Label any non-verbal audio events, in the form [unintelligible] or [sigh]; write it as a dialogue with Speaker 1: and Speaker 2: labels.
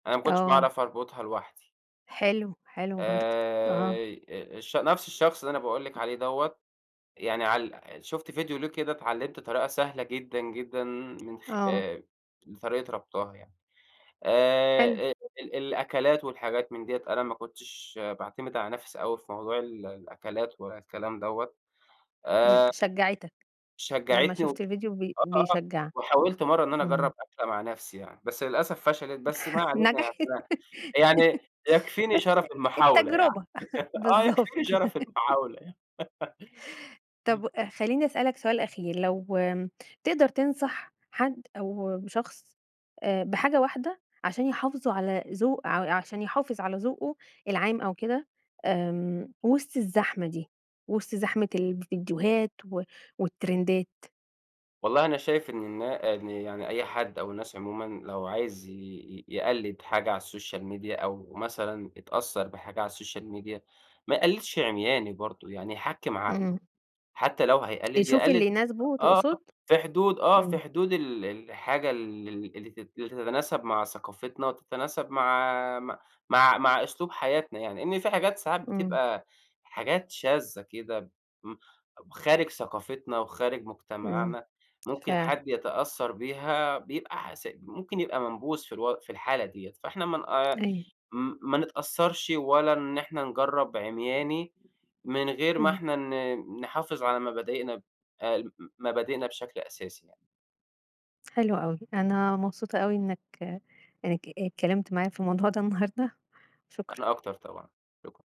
Speaker 1: أنا ما كنتش
Speaker 2: آه.
Speaker 1: باعرف أربطها لوحدي.
Speaker 2: حلو، حلو برضه،
Speaker 1: آآ،
Speaker 2: آه.
Speaker 1: آآ، الش نفس الشخص اللي أنا باقول لِك عليه دوَّة يعني عال شُفت فيديو ليه كده اتعلِّمت طريقة سهلة جدًا، جدًا من خ
Speaker 2: آه.
Speaker 1: آآ، طريقة ربطها يعني،
Speaker 2: حلو.
Speaker 1: آآ، ال الأكلات والحاجات من ديَّة أنا ما كنتش باعتمد على نفسي أوي في موضوع ال الأكلات ولا الكلام دوَّة
Speaker 2: إمم،
Speaker 1: آآ
Speaker 2: شجّعتك، لمّا
Speaker 1: شجّعتني و
Speaker 2: شُفت الفيديو ب
Speaker 1: آه،
Speaker 2: بيشجّع،
Speaker 1: وحاولت مرّة إن أنا
Speaker 2: إمم.
Speaker 1: أجرّب أكلة مع نفسي يعني، بس للأسف فشلت بس ما
Speaker 2: [laughs]
Speaker 1: علينا
Speaker 2: نجحت،
Speaker 1: [unintelligible] يعني يكفيني
Speaker 2: بس
Speaker 1: شرف المحاولة يعني،
Speaker 2: التجربة،
Speaker 1: [laughs] آه، يكفيني
Speaker 2: بالضبط.
Speaker 1: شرف المحاولة يعني. [laughs]
Speaker 2: طَب خليني أسألك سؤال أخير، لو تقدر تنصح حد أو شخص بحاجة واحدة، عشان يحافظوا على ذو ع عشان يحافظ على ذوقه العام أو كده، آمم، وسط الزحمة دي، وسط زحمة الفيديوهات و والترندات؟
Speaker 1: والله أنا شايف إن النا إن يعني أي حد أو الناس عمومًا، لو عايز ي ي يقلّد حاجة على السوشيال ميديا أو مثلًا اتأثّر بحاجة على السوشيال ميديا ما يقلِّدش عمياني برضه، يعني يحكِّم عقله،
Speaker 2: إمم.
Speaker 1: حتى لو هيقلِّد
Speaker 2: يشوف
Speaker 1: يقلِّد
Speaker 2: اللي يناسبه
Speaker 1: آه
Speaker 2: تقصد؟
Speaker 1: في حدود، آه في
Speaker 2: إمم.
Speaker 1: حدود ال الحاجة ال ال اللي تت تتناسب مع ثقافتنا، وتتناسب مع مع مع مع أسلوب حياتنا يعني، لإن في حاجات ساعات
Speaker 2: إمم.
Speaker 1: بتبقى حاجات شاذة كده، م خارج ثقافتنا وخارج
Speaker 2: إمم،
Speaker 1: مجتمعنا، ممكن
Speaker 2: فعلًا.
Speaker 1: حد يتأثّر بيها بيبقى ح ممكن يبقى منبوذ في الو في الحالة ديَّة فإحنا ما
Speaker 2: أيوه.
Speaker 1: ن ما نتأثّرش ولا إن إحنا نجرّب عمياني، من غير ما
Speaker 2: إمم.
Speaker 1: إحنا ن نحافظ على مبادئنا، ال مبادئنا بشكل أساسي يعني.
Speaker 2: حلو أوي، أنا مبسوطة أوي إنك إنك ات اتكلِّمت معايا في الموضوع ده النهارده، شكرًا.
Speaker 1: أنا أكتر طبعًا، شكرًا.